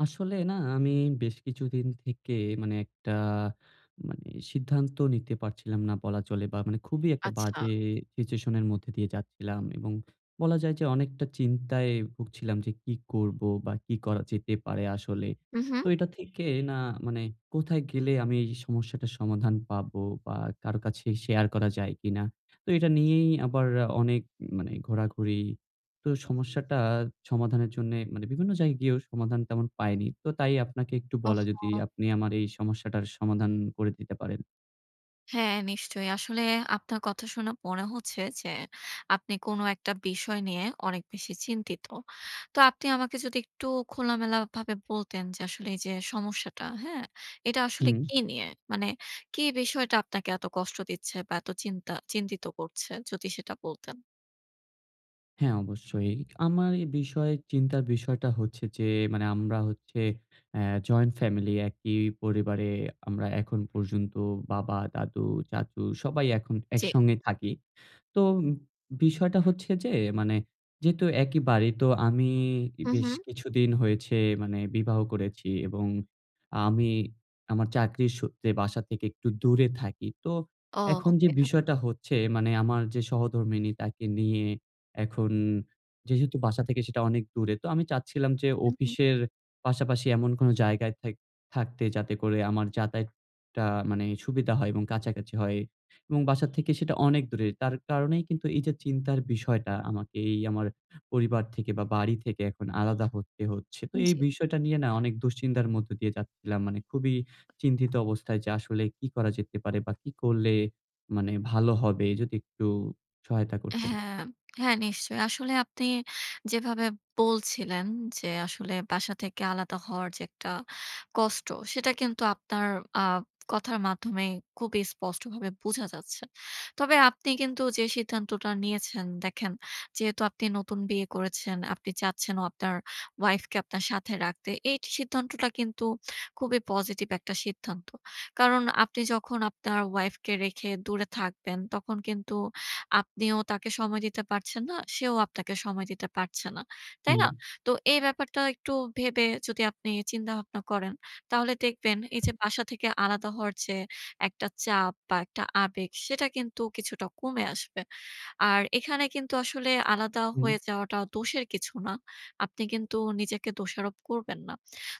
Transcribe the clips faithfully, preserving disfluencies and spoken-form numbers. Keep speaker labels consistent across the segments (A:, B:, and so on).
A: আসলে না আমি বেশ কিছুদিন থেকে মানে একটা মানে সিদ্ধান্ত নিতে পারছিলাম না বলা চলে। বা মানে খুবই একটা
B: আচ্ছা।
A: বাজে সিচুয়েশন এর মধ্যে দিয়ে যাচ্ছিলাম। এবং বলা যায় যে অনেকটা চিন্তায় ভুগছিলাম যে কী করবো বা কী করা যেতে পারে আসলে।
B: উঁহু।
A: তো এটা থেকে না মানে কোথায় গেলে আমি এই সমস্যাটার সমাধান পাবো? বা কারো কাছে শেয়ার করা যায় কিনা? তো এটা নিয়েই আবার অনেক মানে ঘোরাঘুরি। তো সমস্যাটা সমাধানের জন্যে মানে বিভিন্ন জায়গায় গিয়েও সমাধান তেমন পাইনি। তো তাই আপনাকে একটু বলা যদি
B: ওহো!
A: আপনি আমার এই সমস্যাটার সমাধান করে দিতে পারেন।
B: হ্যাঁ নিশ্চয়ই। আসলে আপনার কথা শুনে মনে হচ্ছে যে আপনি কোনো একটা বিষয় নিয়ে অনেক বেশি চিন্তিত। তো আপনি আমাকে যদি একটু খোলামেলা ভাবে বলতেন। যে আসলে এই যে সমস্যাটা, হ্যাঁ? এটা আসলে
A: হুম।
B: কী নিয়ে মানে কী বিষয়টা আপনাকে এত কষ্ট দিচ্ছে বা এত চিন্তা চিন্তিত করছে যদি সেটা বলতেন।
A: হ্যাঁ, অবশ্যই। আমার এই বিষয়ে চিন্তার বিষয়টা হচ্ছে যে মানে আমরা হচ্ছে অ্যা জয়েন্ট ফ্যামিলি একই পরিবারে আমরা এখন পর্যন্ত বাবা, দাদু, চাচু সবাই এখন
B: চি।
A: একসঙ্গে থাকি। তো বিষয়টা হচ্ছে যে মানে যেহেতু একই বাড়ি তো আমি
B: হু,
A: বেশ
B: হু।
A: কিছুদিন হয়েছে মানে বিবাহ করেছি, এবং আমি আমার চাকরির সূত্রে বাসা থেকে একটু দূরে থাকি। তো
B: ও,
A: এখন যে
B: ওকে।
A: বিষয়টা হচ্ছে মানে আমার যে সহধর্মিণী তাকে নিয়ে এখন যেহেতু বাসা থেকে সেটা অনেক দূরে। তো আমি চাচ্ছিলাম যে
B: হু, হু।
A: অফিসের পাশাপাশি এমন কোনো জায়গায় থাক থাকতে যাতে করে আমার যাতায়াতটা মানে সুবিধা হয় এবং কাছাকাছি হয়। এবং বাসা থেকে সেটা অনেক দূরে। তার কারণেই কিন্তু এই যে চিন্তার বিষয়টা আমাকে এই আমার পরিবার থেকে বা বাড়ি থেকে এখন আলাদা হতে হচ্ছে। তো এই
B: জি।
A: বিষয়টা নিয়ে না অনেক দুশ্চিন্তার মধ্য দিয়ে যাচ্ছিলাম। মানে খুবই চিন্তিত অবস্থায় যে আসলে কী করা যেতে পারে বা কী করলে মানে ভালো হবে যদি একটু সহায়তা
B: অ্যা
A: করতেন।
B: হ্যাঁ, হ্যাঁ নিশ্চয়ই। আসলে আপনি যেভাবে বলছিলেন যে আসলে বাসা থেকে আলাদা হওয়ার যে একটা কষ্ট। সেটা কিন্তু আপনার আ কথার মাধ্যমেই খুবই স্পষ্টভাবে বুঝা যাচ্ছে। তবে আপনি কিন্তু যে সিদ্ধান্তটা নিয়েছেন, দেখেন, যেহেতু আপনি নতুন বিয়ে করেছেন, আপনি চাচ্ছেনও আপনার ওয়াইফকে আপনার সাথে রাখতে এই ট সিদ্ধান্তটা কিন্তু খুবই পজিটিভ একটা সিদ্ধান্ত। কারণ আপনি যখন আপনার ওয়াইফকে রেখে দূরে থাকবেন তখন কিন্তু আপনিও তাকে সময় দিতে পারছেন না, সেও আপনাকে সময় দিতে পারছে না, তাই
A: হুম।
B: না? তো এই ব্যাপারটা একটু ভেবে যদি আপনি চিন্তাভাবনা করেন। তাহলে দেখবেন এই যে বাসা থেকে আলাদা হওয়ার যে একটা চাপ বা একটা আবেগ সেটা কিন্তু কিছুটা কমে আসবে। আর এখানে কিন্তু আসলে আলাদা
A: হুম।
B: হয়ে যাওয়াটা দোষের কিছু না। আপনি কিন্তু নিজেকে দোষারোপ করবেন না।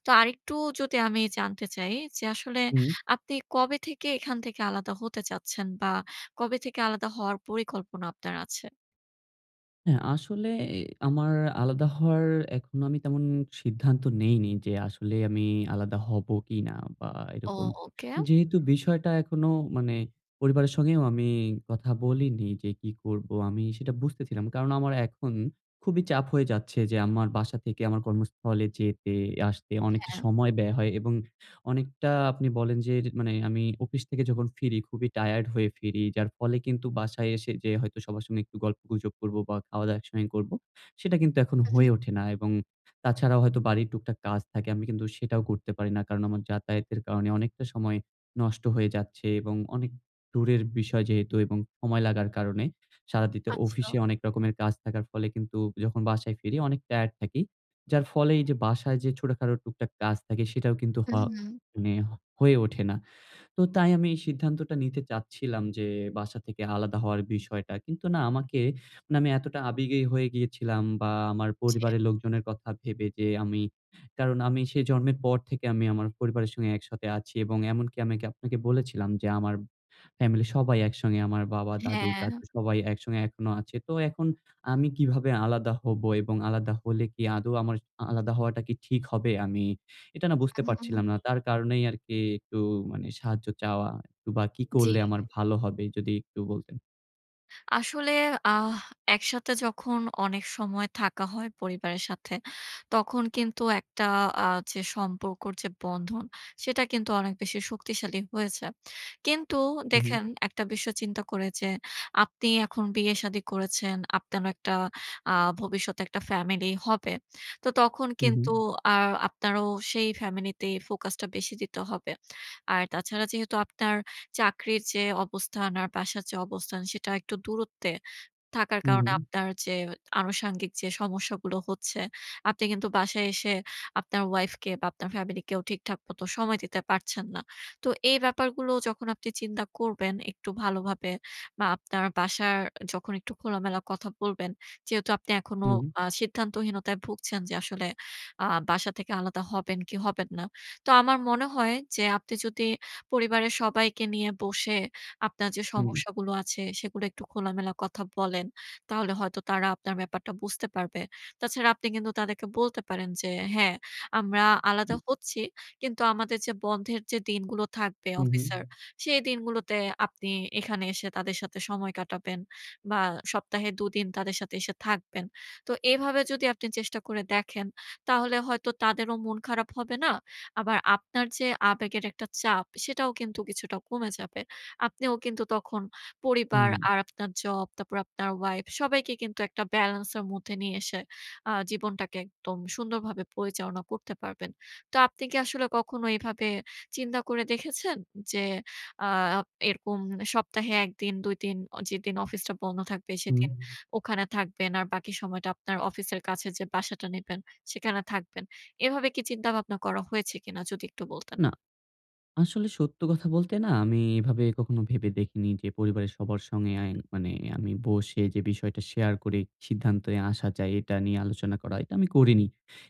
B: তো আরেকটু যদি আমি জানতে চাই যে আসলে
A: উম
B: আপনি কবে থেকে এখান থেকে আলাদা হতে চাচ্ছেন? বা কবে থেকে আলাদা হওয়ার পরিকল্পনা আপনার আছে?
A: হ্যাঁ, আসলে এ আমার আলাদা হওয়ার এখনো আমি তেমন সিদ্ধান্ত নেইনি যে আসলে আমি আলাদা হব কিনা বা
B: ও,
A: এরকম।
B: ওকে।
A: যেহেতু বিষয়টা এখনো মানে পরিবারের সঙ্গেও আমি কথা বলিনি যে কি করব আমি সেটা বুঝতেছিলাম। কারণ আমার এখন খুবই চাপ হয়ে যাচ্ছে যে আমার বাসা থেকে আমার কর্মস্থলে যেতে-আসতে অনেকটা
B: হ্যাঁ।
A: সময় ব্যয় হয় এবং অনেকটা আপনি বলেন যে মানে আমি অফিস থেকে যখন ফিরি খুবই টায়ার্ড হয়ে ফিরি। যার ফলে কিন্তু বাসায় এসে যে হয়তো সবার সঙ্গে একটু গল্পগুজব করব বা খাওয়াদাওয়া একসঙ্গেই করব, সেটা কিন্তু এখন
B: উ হুম।
A: হয়ে ওঠে না। এবং তাছাড়াও হয়তো বাড়ির টুকটাক কাজ থাকে। আমি কিন্তু সেটাও করতে পারি না। কারণ আমার যাতায়াতের কারণে অনেকটা সময় নষ্ট হয়ে যাচ্ছে এবং অনেক টুরের বিষয় যেহেতু এবং সময় লাগার কারণে সারাদিতে
B: আচ্ছা।
A: অফিসে অনেক রকমের কাজ থাকার ফলে কিন্তু যখন বাসায় ফিরি অনেক টায়ার্ড থাকি। যার ফলে এই যে বাসায় যে ছোটখাটো টুকটাক কাজ থাকে সেটাও কিন্তু হ
B: উ হুম।
A: মানে হয়ে ওঠে না। তো তাই আমি এই সিদ্ধান্তটা নিতে চাচ্ছিলাম যে বাসা থেকে আলাদা হওয়ার বিষয়টা। কিন্তু না আমাকে মানে আমি এতটা আবেগেই হয়ে গিয়েছিলাম বা আমার
B: জি।
A: পরিবারের লোকজনের কথা ভেবে যে আমি কারণ আমি সে জন্মের পর থেকে আমি আমার পরিবারের সঙ্গে একসাথে আছি এবং এমনকি আমি কি আপনাকে বলেছিলাম যে আমার ফ্যামিলি সবাই একসঙ্গে আমার বাবা, দাদু,
B: হ্যাঁ।
A: চাচু সবাই একসঙ্গে এখনো আছে। তো এখন আমি কিভাবে আলাদা হব এবং আলাদা হলে কি আদৌ আমার আলাদা হওয়াটা কি ঠিক হবে? আমি এটা না বুঝতে
B: আ হু, হু।
A: পারছিলাম না। তার কারণেই আরকি একটু মানে সাহায্য চাওয়া একটু বা কি
B: জি।
A: করলে আমার ভালো হবে যদি একটু বলতেন?
B: আসলে আহ একসাথে যখন অনেক সময় থাকা হয় পরিবারের সাথে। তখন কিন্তু একটা আ যে সম্পর্কের যে বন্ধন সেটা কিন্তু অনেক বেশি শক্তিশালী হয়ে যায়। কিন্তু
A: হু, হুম।
B: দেখেন একটা বিষয় চিন্তা করে। যে, আপনি এখন বিয়ে-শাদী করেছেন, আপনারও একটা আ ভবিষ্যতে একটা ফ্যামিলি হবে। তো তখন
A: হু,
B: কিন্তু
A: হুম।
B: আর আপনারও সেই ফ্যামিলি তে ফোকাসটা বেশি দিতে হবে। আর তাছাড়া যেহেতু আপনার চাকরির যে অবস্থান আর বাসার যে অবস্থান। সেটা একটু দূরত্বে থাকার
A: হু,
B: কারণে
A: হুম।
B: আপনার যে আনুষঙ্গিক যে সমস্যাগুলো হচ্ছে, আপনি কিন্তু বাসায় এসে আপনার ওয়াইফ কে বা আপনার ফ্যামিলিকেও ঠিকঠাক মত সময় দিতে পারছেন না। তো এই ব্যাপারগুলো যখন আপনি চিন্তা করবেন, একটু ভালোভাবে বা আপনার বাসার যখন একটু খোলামেলা কথা বলবেন, যেহেতু আপনি এখনো
A: হুম।
B: আ সিদ্ধান্তহীনতায় ভুগছেন যে আসলে আ বাসা থেকে আলাদা হবেন কি হবেন না। তো আমার মনে হয় যে আপনি যদি পরিবারের সবাইকে নিয়ে বসে, আপনার যে
A: হুম।
B: সমস্যাগুলো আছে সেগুলো একটু খোলামেলা কথা বলেন। তাহলে হয়তো তারা আপনার ব্যাপারটা বুঝতে পারবে। তাছাড়া আপনি কিন্তু তাদেরকে বলতে পারেন যে হ্যাঁ, আমরা আলাদা হচ্ছি। কিন্তু আমাদের যে বন্ধের দিনগুলো থাকবে
A: হুম, হুম।
B: অফিসের। সেই দিনগুলোতে আপনি এখানে এসে তাদের সাথে সময় কাটাবেন, বা সপ্তাহে দুদিন তাদের সাথে এসে থাকবেন। তো এভাবে যদি আপনি চেষ্টা করে দেখেন তাহলে হয়তো তাদেরও মন খারাপ হবে না। আবার আপনার যে আবেগের একটা চাপ, সেটাও কিন্তু কিছুটা কমে যাবে। আপনিও কিন্তু তখন পরিবার
A: হুম।
B: আর আপনার জব, তারপর আপনার ওয়াইফ সবাইকে কিন্তু একটা ব্যালেন্স এর মধ্যে নিয়ে এসে আ জীবনটাকে একদম সুন্দরভাবে পরিচালনা করতে পারবেন। তো আপনি কি আসলে কখনো এভাবে চিন্তা করে দেখেছেন? যে আ এরকম সপ্তাহে এক দিন দুই দিন অ যেদিন অফিসটা বন্ধ থাকবে
A: হুম।
B: সেদিন ওখানে থাকবেন। আর বাকি সময়টা আপনার অফিসের কাছে যে বাসাটা নিবেন সেখানে থাকবেন। এভাবে কি চিন্তা ভাবনা করা হয়েছে কিনা? যদি একটু বলতেন।
A: না। আসলে সত্য কথা বলতে না আমি এভাবে কখনো ভেবে দেখিনি। যে পরিবারের সবার সঙ্গে আ মানে আমি বসে যে বিষয়টা শেয়ার করে সিদ্ধান্তে আসা যায়, এটা নিয়ে আলোচনা করা। এটা আমি করিনি।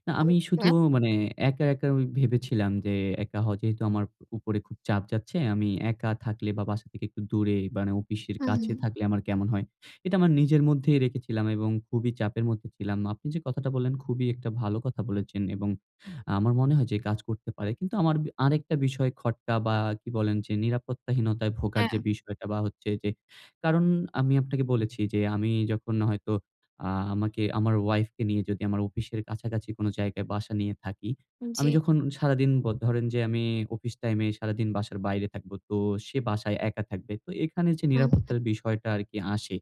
A: না আমি শুধু
B: ওকে।
A: মানে একা, একা ঐ ভেবেছিলাম যে একা হয় যেহেতু আমার উপরে খুব চাপ যাচ্ছে। আমি একা থাকলে বা বাসা থেকে একটু দূরে মানে, অফিসের
B: হু,
A: কাছে
B: হুম।
A: থাকলে আমার কেমন হয়? এটা আমার নিজের মধ্যেই রেখেছিলাম, এবং খুবই চাপের মধ্যে ছিলাম। আপনি যে কথাটা বললেন খুবই একটা ভালো কথা বলেছেন, এবং আমার মনে হয় যে কাজ করতে পারে। কিন্তু আমার বি আরেকটা বিষয় খটকা বা কি বলেন যে নিরাপত্তাহীনতায় ভোগার যে
B: হ্যাঁ।
A: বিষয়টা বা হচ্ছে। যে কারণ আমি আপনাকে বলেছি যে আমি যখন হয়তো আ আমাকে আমার ওয়াইফ কে নিয়ে যদি আমার অফিসের কাছাকাছি কোন জায়গায় বাসা নিয়ে থাকি। আমি
B: জি।
A: যখন সারাদিন ব ধরেন যে আমি অফিস টাইম এ সারাদিন বাসার বাইরে থাকব। তো সে বাসায় একা থাকবে। তো এখানে যে
B: হু, হুম।
A: নিরাপত্তার বিষয়টা আরকি আসে,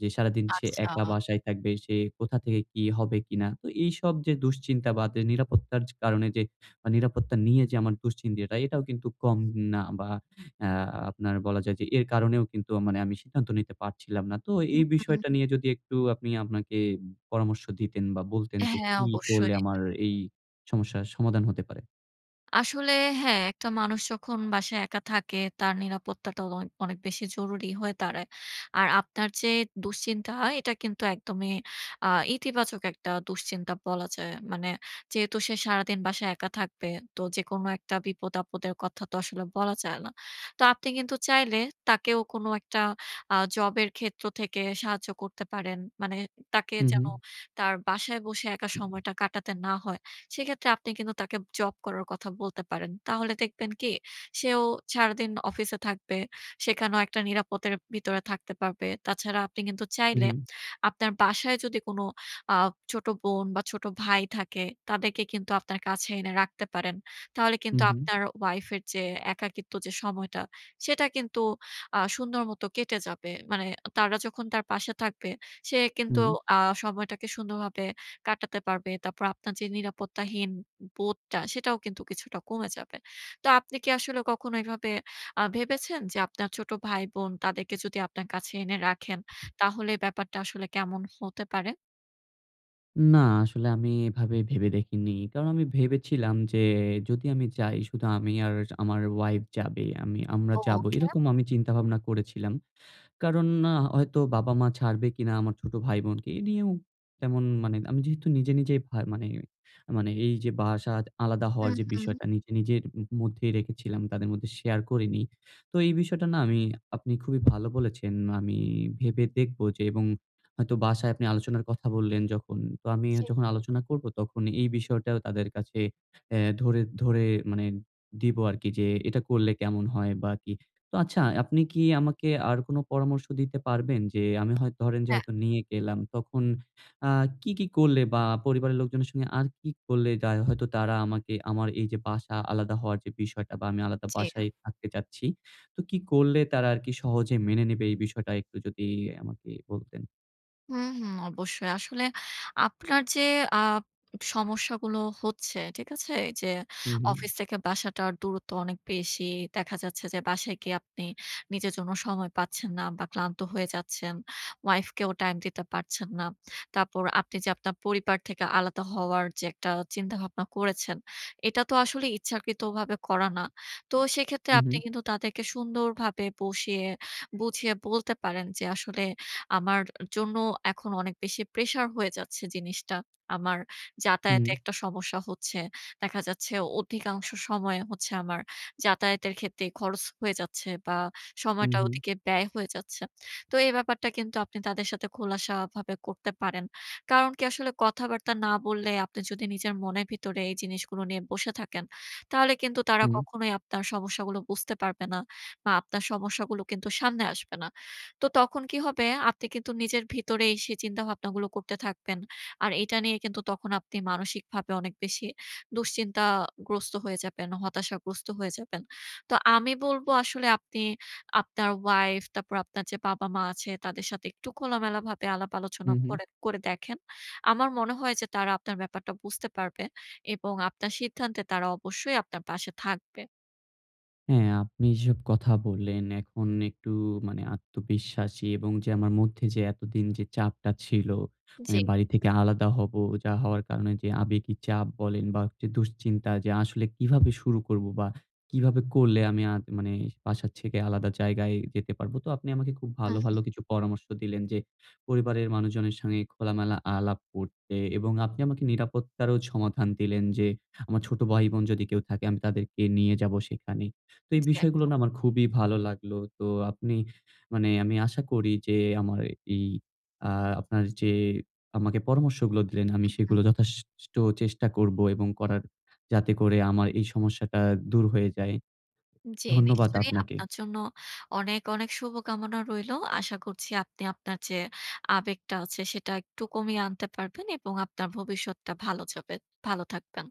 A: যে সারাদিন সে একা
B: আচ্ছা।
A: বাসায় থাকবে, সে কোথা থেকে কি হবে কিনা। তো এইসব যে দুশ্চিন্তা বা নিরাপত্তার কারণে যে নিরাপত্তা নিয়ে যে আমার দুশ্চিন্তি এটা এটাও কিন্তু কম না বা আ আপনার বলা যায়। যে এর কারণেও কিন্তু আ মানে আমি সিদ্ধান্ত নিতে পারছিলাম না। তো
B: হু,
A: এই বিষয়টা
B: হুম।
A: নিয়ে যদি একটু আপনি আপনাকে পরামর্শ দিতেন বা বলতেন যে
B: হ্যাঁ,
A: কি করলে
B: অবশ্যই।
A: আমার এই সমস্যার সমাধান হতে পারে।
B: আসলে হ্যাঁ, একটা মানুষ যখন বাসায় একা থাকে তার নিরাপত্তাটা অ অনেক বেশি জরুরি হয়ে দাঁড়ায়। আর আপনার যে দুশ্চিন্তা এটা কিন্তু একদমই আ ইতিবাচক একটা দুশ্চিন্তা বলা যায়। মানে যেহেতু সে সারাদিন বাসায় একা থাকবে তো যেকোনো একটা বিপদ-আপদের কথা তো আসলে বলা যায় না। তো আপনি কিন্তু চাইলে তাকেও কোন একটা আ জব এর ক্ষেত্র থেকে সাহায্য করতে পারেন। মানে তাকে
A: হুম,
B: যেন
A: হুম।
B: তার বাসায় বসে একা সময়টা কাটাতে না হয়। সেক্ষেত্রে আপনি কিন্তু তাকে জব করার কথা বলতে পারেন। তাহলে দেখবেন কি, সেও সারাদিন অফিসে থাকবে। সেখানেও একটা নিরাপদের ভিতরে থাকতে পারবে। তাছাড়া আপনি কিন্তু
A: হুম,
B: চাইলে
A: উ
B: আপনার বাসায় যদি কোন আ ছোট বোন বা ছোট ভাই থাকে তাদেরকে কিন্তু আপনার কাছে এনে রাখতে পারেন। তাহলে কিন্তু
A: হুম, হুম।
B: আপনার ওয়াইফের যে একাকিত্ব যে সময়টা সেটা কিন্তু আ সুন্দর মত কেটে যাবে। মানে তারা যখন তার পাশে থাকবে সে কিন্তু
A: হুম।
B: আ সময়টাকে সুন্দরভাবে কাটাতে পারবে। তারপর আপনার যে নিরাপত্তাহীন বোধটা সেটাও কিন্তু কিছুটা কমে যাবে। তো আপনি কি আসলে কখনো এভাবে আ ভেবেছেন? যে আপনার ছোট ভাই-বোন তাদেরকে যদি আপনার কাছে এনে রাখেন তাহলে ব্যাপারটা আসলে কেমন হতে পারে?
A: না আসলে আমি এভাবে ভেবে দেখিনি। কারণ আমি ভেবেছিলাম যে যদি আমি যাই শুধু আমি আর আমার ওয়াইফ যাবে, আমি আমরা যাবো।
B: ওখেম।
A: এরকম আমি চিন্তা ভাবনা করেছিলাম। কারণ আ হয়তো বাবা-মা ছাড়বে কিনা আমার ছোট ভাই-বোনকে এ নিয়েও তেমন মানে আমি যেহেতু নিজে নিজে ভা মানে, মানে এই যে বাসা আলাদা
B: উ
A: হওয়ার যে বিষয়টা
B: হুম।
A: নিজে, নিজের উম মধ্যেই রেখেছিলাম, তাদের মধ্যে শেয়ার করিনি। তো এই বিষয়টা না আমি আপনি খুবই ভালো বলেছেন। আমি ভেবে দেখব, যে এবং হয়তো বাসায় আপনি আলোচনার কথা বললেন যখন। তো আমি
B: চি।
A: যখন আলোচনা করব তখন এই বিষয়টাও তাদের কাছে অ্যা ধরে, ধরে মানে দিব আরকি যে এটা করলে কেমন হয়? বা কি? তো আচ্ছা আপনি কি আমাকে আর কোন পরামর্শ দিতে পারবেন? যে আমি হয়তো ধরেন যে
B: হ্যাঁ।
A: হয়তো নিয়ে গেলাম। তখন আ কি, কি করলে বা পরিবারের লোকজনের সঙ্গে আর কি করলে তা হয়তো তারা আমাকে আমার এই যে বাসা আলাদা হওয়ার যে বিষয়টা, বা আমি আলাদা
B: চি।
A: বাসায় থাকতে চাচ্ছি। তো কি করলে তারা আরকি সহজে মেনে নিবে? এই বিষয়টা একটু যদি আমাকে বলতেন।
B: হুম, হুম। অবশ্যই। আসলে আপনার যে আপ সমস্যাগুলো হচ্ছে, ঠিক আছে? যে
A: হুম, হুম।
B: অফিস থেকে বাসাটার দূরত্ব অনেক বেশি। দেখা যাচ্ছে যে বাসায় গিয়ে আপনি নিজের জন্য সময় পাচ্ছেন না বা ক্লান্ত হয়ে যাচ্ছেন, ওয়াইফ কেও টাইম দিতে পারছেন না। তারপর আপনি যে আপনার পরিবার থেকে আলাদা হওয়ার যে একটা চিন্তা-ভাবনা করেছেন, এটা তো আসলে ইচ্ছাকৃতভাবে করা না। তো সেক্ষেত্রে
A: উম
B: আপনি
A: হুম।
B: কিন্তু তাদেরকে সুন্দরভাবে বসিয়ে, বুঝিয়ে বলতে পারেন যে আসলে আমার জন্য এখন অনেক বেশি প্রেশার হয়ে যাচ্ছে জিনিসটা। আমার যাতায়াতের
A: হুম।
B: একটা সমস্যা হচ্ছে। দেখা যাচ্ছে অধিকাংশ সময় হচ্ছে আমার যাতায়াতের ক্ষেত্রে খরচ হয়ে যাচ্ছে, বা
A: হু,
B: সময়টা
A: হুম।
B: ওদিকে ব্যায় হয়ে যাচ্ছে। তো এই ব্যাপারটা কিন্তু আপনি তাদের সাথে খোলাসা ভাবে করতে পারেন। কারণ কি আসলে কথাবার্তা না বললে, আপনি যদি নিজের মনের ভিতরে এই জিনিসগুলো নিয়ে বসে থাকেন, তাহলে কিন্তু তারা
A: উম
B: কখনোই আপনার সমস্যাগুলো বুঝতে পারবে না। বা আপনার সমস্যাগুলো কিন্তু সামনে আসবে না। তো তখন কি হবে? আপনি কিন্তু নিজের ভিতরেই সেই চিন্তাভাবনাগুলো করতে থাকবেন। আর এটা নিয়ে কিন্তু তখন আপনি মানসিকভাবে অনেক বেশি দুশ্চিন্তাগ্রস্ত হয়ে যাবেন, হতাশাগ্রস্ত হয়ে যাবেন। তো আমি বলব আসলে আপনি আপনার ওয়াইফ তারপর আপনার যে বাবা-মা আছে তাদের সাথে একটু কোলামেলাভাবে আলাপ-আলোচনা
A: হুম, হুম।
B: করে করে দেখেন। আমার মনে হয় যে তারা আপনার ব্যাপারটা বুঝতে পারবে, এবং আপনার সিদ্ধান্তে তারা অবশ্যই আপনার পাশে থাকবে।
A: হ্যাঁ, আপনি এসব কথা বললেন, এখন একটু মানে আত্মবিশ্বাসী এবং যে আমার মধ্যে যে এতদিন যে চাপটা ছিল।
B: জি।
A: মানে বাড়ি থেকে আলাদা হব, যা হওয়ার কারণে যে আবেগি চাপ বলেন বা একটু দুশ্চিন্তা যে আসলে কিভাবে শুরু করব? বা কিভাবে করলে আমি আ মানে বাসাত ছেকে আলাদা জায়গায় যেতে পারবো? তো আপনি আমাকে খুব ভালো, ভালো
B: উহু।
A: কিছু পরামর্শ দিলেন যে পরিবারের মানুষজনের সঙ্গে খোলা-মেলা আলাপ করতে, এবং আপনি আমাকে নিরাপত্তারও সমাধান দিলেন। যে আমার ছোট ভাই-বোন যদি কেউ থাকে আমি তাদেরকে নিয়ে যাবো সেখানে। তো এই
B: জ্বী
A: বিষয়গুলো
B: একদম।
A: না আমার খুবই ভালো লাগলো। তো আপনি মানে আমি আশা করি যে আমার এই আ আপনার যে আমাকে পরামর্শগুলো দিলেন আমি
B: উ হুম।
A: সেগুলো যথাসাষ্ট চেষ্টা করব, এবং করার যাতে করে আমার এই সমস্যাটা দূর হয়ে যায়।
B: জ্বি,
A: ধন্যবাদ
B: নিশ্চয়ই
A: আপনাকে।
B: আপনার জন্য অনেক, অনেক শুভকামনা রইলো। আশা করছি আপনি আপনার যে আবেগটা আছে, সেটা একটু কমিয়ে আনতে পারবেন এবং আপনার ভবিষ্যৎটা ভালো যাবে। ভালো থাকবেন।